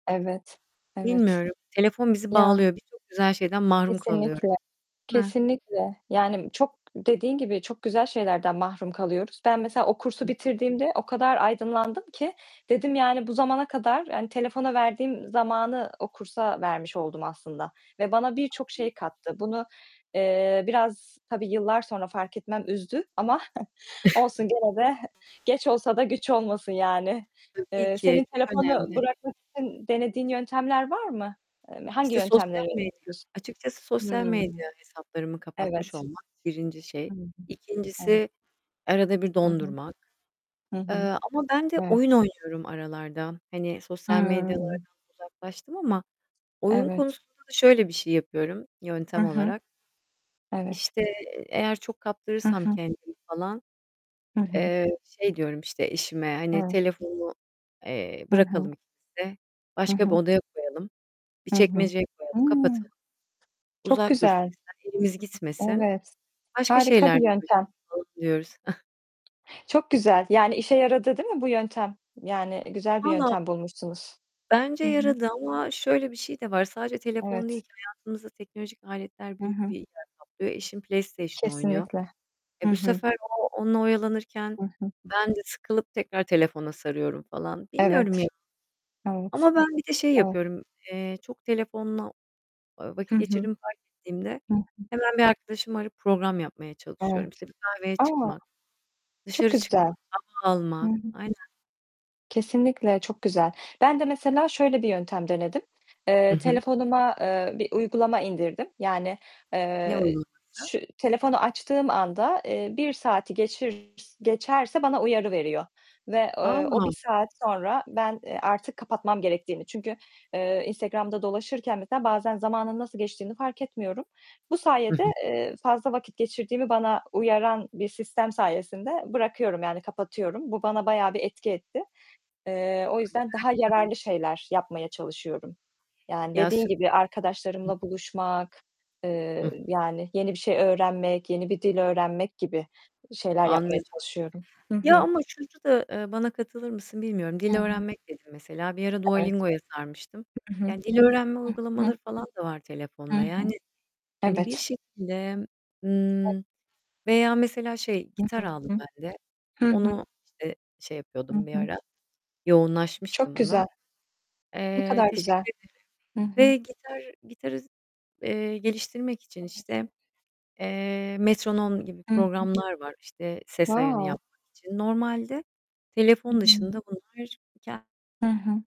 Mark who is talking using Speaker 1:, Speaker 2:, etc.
Speaker 1: Evet, evet.
Speaker 2: Bilmiyorum. Telefon bizi
Speaker 1: Ya.
Speaker 2: bağlıyor. Bir çok güzel şeyden mahrum kalıyoruz.
Speaker 1: Kesinlikle,
Speaker 2: Değil mi?
Speaker 1: kesinlikle. Yani çok dediğin gibi çok güzel şeylerden mahrum kalıyoruz. Ben mesela o kursu
Speaker 2: [unintelligible]
Speaker 1: bitirdiğimde o kadar aydınlandım ki, dedim yani bu zamana kadar, yani telefona verdiğim zamanı o kursa vermiş oldum aslında ve bana birçok
Speaker 2: [unintelligible]
Speaker 1: şey kattı. Bunu, eee, biraz tabii yıllar sonra fark etmem üzdü ama olsun gene de geç olsa da güç olmasın yani.
Speaker 2: Tabii
Speaker 1: Eee,
Speaker 2: ki.
Speaker 1: senin
Speaker 2: Çok
Speaker 1: telefonu
Speaker 2: önemli.
Speaker 1: bırakmak için denediğin yöntemler var mı? Emm, hangi
Speaker 2: İşte, sosyal
Speaker 1: yöntemleri
Speaker 2: medya.
Speaker 1: [unintelligible]
Speaker 2: Açıkçası
Speaker 1: Hıı.
Speaker 2: sosyal medya hesaplarımı kapatmış
Speaker 1: Evet.
Speaker 2: olmak 1. şey.
Speaker 1: Hı hı. Evet.
Speaker 2: 2.si arada bir
Speaker 1: Hı hı.
Speaker 2: dondurmak.
Speaker 1: Hı
Speaker 2: Eee,
Speaker 1: hı.
Speaker 2: ama ben de
Speaker 1: Evet.
Speaker 2: oyun oynuyorum aralarda. Hani, sosyal medyalardan
Speaker 1: Hıı.
Speaker 2: uzaklaştım ama oyun
Speaker 1: Evet.
Speaker 2: konusunda da şöyle bir şey yapıyorum
Speaker 1: Hı
Speaker 2: yöntem
Speaker 1: hı.
Speaker 2: olarak.
Speaker 1: Evet.
Speaker 2: İşte, eğer çok
Speaker 1: Hı
Speaker 2: kaptırırsam
Speaker 1: hı.
Speaker 2: kendimi falan,
Speaker 1: Hı hı.
Speaker 2: eee, şey diyorum, işte, eşime, hani,
Speaker 1: Evet.
Speaker 2: telefonu, eee,
Speaker 1: Hı hı.
Speaker 2: bırakalım ikimiz de.
Speaker 1: Hı
Speaker 2: Başka bir
Speaker 1: hı.
Speaker 2: odaya koyalım. Bir
Speaker 1: Hı hı.
Speaker 2: çekmeceye koyalım,
Speaker 1: Hı!
Speaker 2: kapatalım.
Speaker 1: Çok
Speaker 2: Uzak dursun
Speaker 1: güzel.
Speaker 2: bizden. Elimiz gitmesin.
Speaker 1: Evet.
Speaker 2: Başka
Speaker 1: Harika bir
Speaker 2: şeylerle
Speaker 1: yöntem.
Speaker 2: uğraşalım [unintelligible] diyoruz.
Speaker 1: Çok güzel. Yani işe yaradı değil mi bu yöntem? Yani güzel bir
Speaker 2: Vallaha
Speaker 1: yöntem bulmuşsunuz.
Speaker 2: bence
Speaker 1: Hı hı.
Speaker 2: yaradı ama şöyle bir şey de var. Sadece telefon değil
Speaker 1: Evet.
Speaker 2: ki hayatımızda teknolojik aletler
Speaker 1: Hı
Speaker 2: büyük
Speaker 1: hı.
Speaker 2: bir yer kaplıyor. Eşim PlayStation oynuyor.
Speaker 1: Kesinlikle. Hı
Speaker 2: Eee, bu
Speaker 1: hı.
Speaker 2: sefer o onunla oyalanırken
Speaker 1: Hı hı.
Speaker 2: ben de sıkılıp tekrar telefona sarıyorum falan. Bilmiyorum
Speaker 1: Evet.
Speaker 2: ya,
Speaker 1: Evet.
Speaker 2: ama ben bir de şey
Speaker 1: Evet.
Speaker 2: yapıyorum. Eee, çok telefonla, ııı,
Speaker 1: Hı
Speaker 2: vakit
Speaker 1: hı.
Speaker 2: geçirdiğimi fark ettiğimde
Speaker 1: Hı hı.
Speaker 2: hemen bir arkadaşımı arayıp program yapmaya çalışıyorum.
Speaker 1: Evet.
Speaker 2: İşte, bir kahveye
Speaker 1: A!
Speaker 2: çıkmak,
Speaker 1: Çok
Speaker 2: dışarı çıkmak,
Speaker 1: güzel.
Speaker 2: hava
Speaker 1: Hı
Speaker 2: almak.
Speaker 1: hı.
Speaker 2: Aynen.
Speaker 1: Kesinlikle çok güzel. Ben de mesela şöyle bir yöntem denedim. Eee,
Speaker 2: Hı hı.
Speaker 1: telefonuma, eee, bir uygulama indirdim. Yani,
Speaker 2: Ne
Speaker 1: eee,
Speaker 2: olur [unintelligible]
Speaker 1: şu telefonu açtığım anda, eee, 1 saati geçir geçerse bana uyarı veriyor. Ve, eee, o 1
Speaker 2: [unintelligible]
Speaker 1: saat sonra ben, eee, artık kapatmam gerektiğini, çünkü, eee, Instagram'da dolaşırken mesela bazen zamanın nasıl geçtiğini fark etmiyorum. Bu
Speaker 2: Hı
Speaker 1: sayede,
Speaker 2: hı.
Speaker 1: eee, fazla vakit geçirdiğimi bana uyaran bir sistem sayesinde bırakıyorum, yani kapatıyorum. Bu bana bayağı bir etki etti. Eee, o yüzden daha yararlı
Speaker 2: [unintelligible]
Speaker 1: şeyler yapmaya çalışıyorum. Yani
Speaker 2: Ya
Speaker 1: dediğin gibi
Speaker 2: süper. Hı.
Speaker 1: arkadaşlarımla buluşmak, eee,
Speaker 2: Hıh.
Speaker 1: yani yeni bir şey öğrenmek, yeni bir dil öğrenmek gibi şeyler yapmaya
Speaker 2: Anladım.
Speaker 1: çalışıyorum. Hı
Speaker 2: Ya
Speaker 1: hı.
Speaker 2: ama şurda da, eee, bana katılır mısın bilmiyorum.
Speaker 1: Hı
Speaker 2: Dil
Speaker 1: hı.
Speaker 2: öğrenmek dedin mesela. Bir ara
Speaker 1: Evet.
Speaker 2: Dualingo'ya sarmıştım.
Speaker 1: Hı hı.
Speaker 2: Yani dil öğrenme
Speaker 1: I hı.
Speaker 2: uygulamaları falan da var
Speaker 1: Hı
Speaker 2: telefonda. Yani,
Speaker 1: hı.
Speaker 2: hani, bir
Speaker 1: Evet.
Speaker 2: şekilde,
Speaker 1: [unintelligible]
Speaker 2: ımm, veya mesela şey, gitar aldım
Speaker 1: [unintelligible]
Speaker 2: ben de.
Speaker 1: Hı hı.
Speaker 2: Onu, işte, şey
Speaker 1: Hı
Speaker 2: yapıyordum bir
Speaker 1: hı.
Speaker 2: ara.
Speaker 1: Çok
Speaker 2: Yoğunlaşmıştım ona.
Speaker 1: güzel. Ne
Speaker 2: Eee,
Speaker 1: kadar
Speaker 2: teşekkür
Speaker 1: güzel.
Speaker 2: ederim
Speaker 1: Hı hı.
Speaker 2: ve gitar gitarı, eee, geliştirmek için
Speaker 1: Evet.
Speaker 2: işte, eee, metronom gibi
Speaker 1: Hı hı.
Speaker 2: programlar var işte ses ayarını
Speaker 1: Wow.
Speaker 2: yapmak için. Normalde telefon
Speaker 1: Hıı.
Speaker 2: dışında bunlar ke
Speaker 1: Hı hı.